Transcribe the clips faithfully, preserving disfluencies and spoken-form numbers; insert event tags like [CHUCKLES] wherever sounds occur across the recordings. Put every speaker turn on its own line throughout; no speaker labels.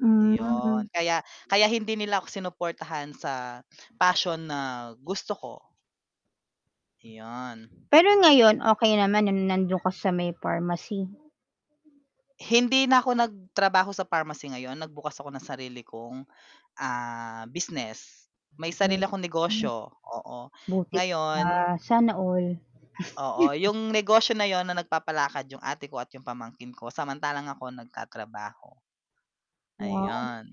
Hmm.
Yun, kaya kaya hindi nila ako sinuportahan sa passion na gusto ko. Iyon.
Pero ngayon, okey naman nung nandun ka sa may pharmacy?
Hindi na ako nagtrabaho sa pharmacy ngayon, nagbukas ako ng sarili kong, ah, business. May sarili akong negosyo, oo.
Buti ka pa,
Ngayon
sana all.
Oo,
[CHUCKLES]
yung negosyo na yun na nagpapalakad yung ate ko at yung pamangkin ko, samantalang ako nagtatrabaho.
Wow,
Ayun,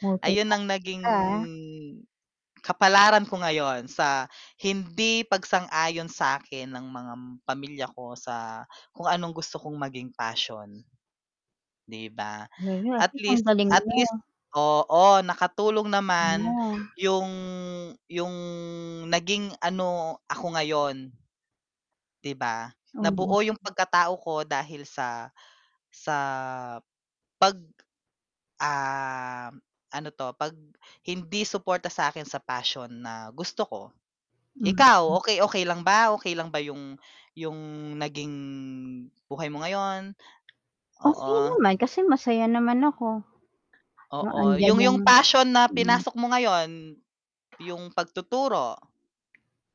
multi
ayun
tasking
ang naging
ka ha.
kapalaran ko ngayon sa hindi pagsang-ayon sakin ng mga pamilya ko sa kung anong gusto kong maging passion. 'Di ba?
[UNINTELLIGIBLE] at
At
least ang
least
galing
at least
mo.
oo, nakatulong naman
[UNINTELLIGIBLE]
yung yung naging ano ako ngayon. 'Di ba?
Oo.
Nabuo yung pagkatao ko dahil sa sa pag, ah, ano 'to pag hindi suporta sa akin sa passion na gusto ko.
Hmm.
Ikaw, okey-okey lang ba? Okey lang ba yung, yung naging buhay mo ngayon?
Okey
Oo.
naman, kasi masaya naman ako. Yung
Oo,
andiyan
yung
yung
yung passion na
mm.
pinasok mo ngayon, yung pagtuturo.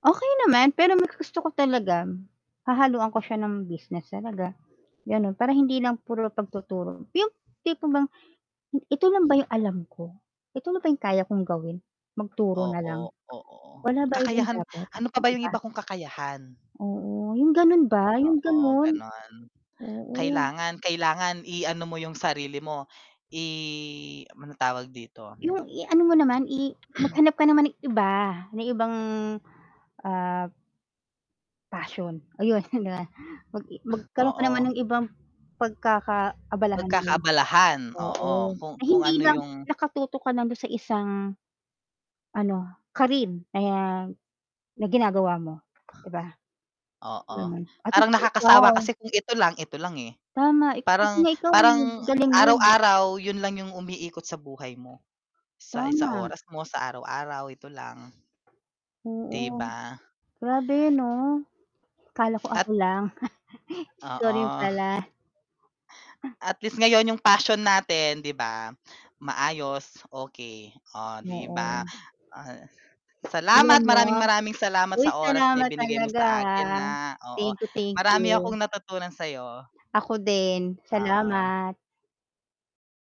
Okey naman, pero mas gusto ko talaga, hahaluan ko siya ng business talaga, ganon. Para hindi lang puro pagtuturo, yung tipo bang, "Ito lang ba yung alam ko? Eto lang ba yung kaya kong gawin, magturo na lang?
Oo, oo.
Wala ba ibang
Kakayahan,
dapat?"
ano pa ba
'di
yung
ba?
iba kung kakayahan?
Oo, yung ganun ba? Yung
Oo,
ganun.
ganun.
Oo.
Kailangan kailangan i-ano mo yung sarili mo, i ano tawag dito.
Yung i-ano mo naman, i maghanap ka naman ng iba, na ibang, ah passion, ayun na, mag i magkaroon ka naman
Oo.
ng ibang pagkakaabalahan mo.
Pagkakaabalahan, oo
Oo,
kung
na
kung
hindi
ano
lang
yung
nakatutok kana dun sa isang, ano careen ayan, na ginagawa mo, 'di ba?
Oo,
Ganun,
parang
[UNINTELLIGIBLE]
nakakasawa
ikaw.
kasi kung ito lang, ito lang eh.
Tama. Buti
Parang
nga ikaw eh,
parang
galing mo.
araw-araw yun lang yung umiikot sa buhay mo, sa isang
Tama.
oras mo, sa araw-araw ito lang. 'Di
Oo,
ba?
grabe ano. Akala ko ako
At
lang. [CHUCKLES] Ikaw rin
Oo.
pala.
At least ngayon yung passion natin 'di ba? Maayos, okey, oh 'di ba?
Oo.
Ah,
Alam
salamat,
mo
maraming maraming salamat
uy
sa oras na
salamat
ibinigay mo
talaga,
sa akin
ah.
na oo.
Thank you, thank
Marami
you.
akong natutunan sayo.
Ako din.
Oo.
Salamat.